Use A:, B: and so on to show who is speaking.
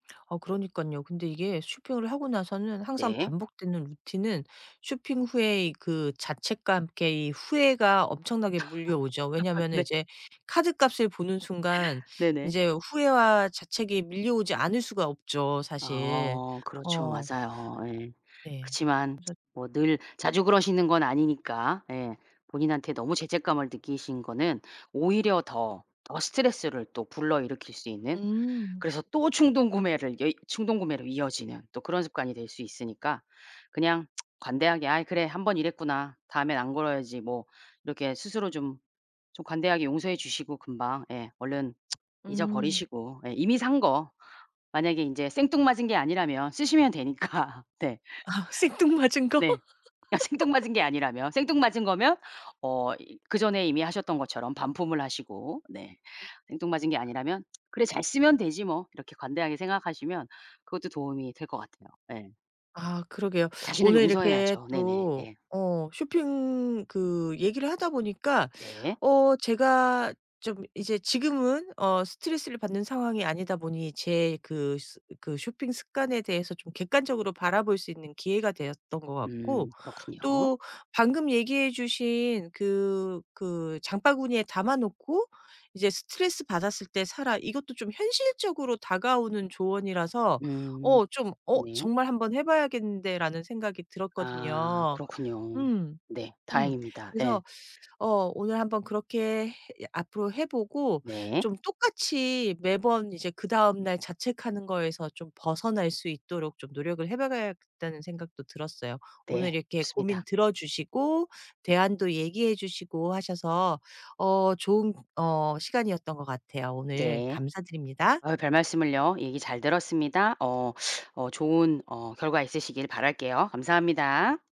A: 어 그러니깐요. 근데 이게 쇼핑을 하고 나서는 항상
B: 네.
A: 반복되는 루틴은 쇼핑 후에 그 자책과 함께 이 후회가 엄청나게 밀려오죠. 왜냐면은
B: 네.
A: 이제 카드값을 보는 순간
B: 네네.
A: 이제 후회와 자책이 밀려오지 않을 수가 없죠 사실.
B: 어 그렇죠
A: 어
B: 맞아요 예.
A: 네.
B: 그치만
A: 그래서
B: 뭐 늘 자주 그러시는 건 아니니까 예. 본인한테 너무 죄책감을 느끼신 거는 오히려 더, 더 스트레스를 또 불러일으킬 수 있는
A: 음.
B: 그래서 또 충동구매를 여이 충동구매로 이어지는 또 그런 습관이 될 수 있으니까 그냥 관대하게 '아이 그래 한번 이랬구나 다음엔 안 그래야지.' 뭐 이렇게 스스로 좀, 좀 관대하게 용서해 주시고 금방 예 얼른
A: 음.
B: 잊어버리시고 예 이미 산 거. 만약에 이제 생뚱맞은 게 아니라면 쓰시면 되니까. 네.
A: 아 생뚱맞은 거?
B: 네. 그니까 생뚱맞은 게 아니라면 생뚱맞은 거면 어 그 전에 이미 하셨던 것처럼 반품을 하시고 네. 생뚱맞은 게 아니라면 그래 잘 쓰면 되지 뭐. 이렇게 관대하게 생각하시면 그것도 도움이 될 것 같아요. 네.
A: 아 그러게요
B: 자신을
A: 오늘 이렇게
B: 용서해야죠 네네
A: 또
B: 네.
A: 어 쇼핑 그 얘기를 하다 보니까
B: 네.
A: 어 제가 좀 이제 지금은 어 스트레스를 받는 상황이 아니다 보니 제 그 스 그 쇼핑 습관에 대해서 좀 객관적으로 바라볼 수 있는 기회가 되었던 것 같고
B: 음 그렇군요.
A: 또 방금 얘기해 주신 그 그 장바구니에 담아 놓고 이제 스트레스받았을 때 사라 이것도 좀 현실적으로 다가오는 조언이라서
B: 음
A: 어 좀 '어
B: 네.
A: 정말 한번 해 봐야겠는데.'라는 생각이
B: 아
A: 들었거든요.
B: 그렇군요
A: 음
B: 네
A: 음
B: 다행입니다 예.
A: 그래서 어 오늘 한번 그렇게 앞으로 해보고
B: 네.
A: 좀 똑같이 매번 이제 그다음 날 자책하는 거에서 좀 벗어날 수 있도록 좀 노력을 해 봐야겠다는 생각도 들었어요.
B: 네
A: 오늘 이렇게
B: 좋습니다.
A: 고민 들어주시고 대안도 얘기해 주시고 하셔서 어 좋은 어 시간이었던 것 같아요. 오늘
B: 네
A: 감사드립니다.
B: 아 별말씀을요 얘기 잘 들었습니다 어 어 좋은 어 결과 있으시길 바랄게요. 감사합니다.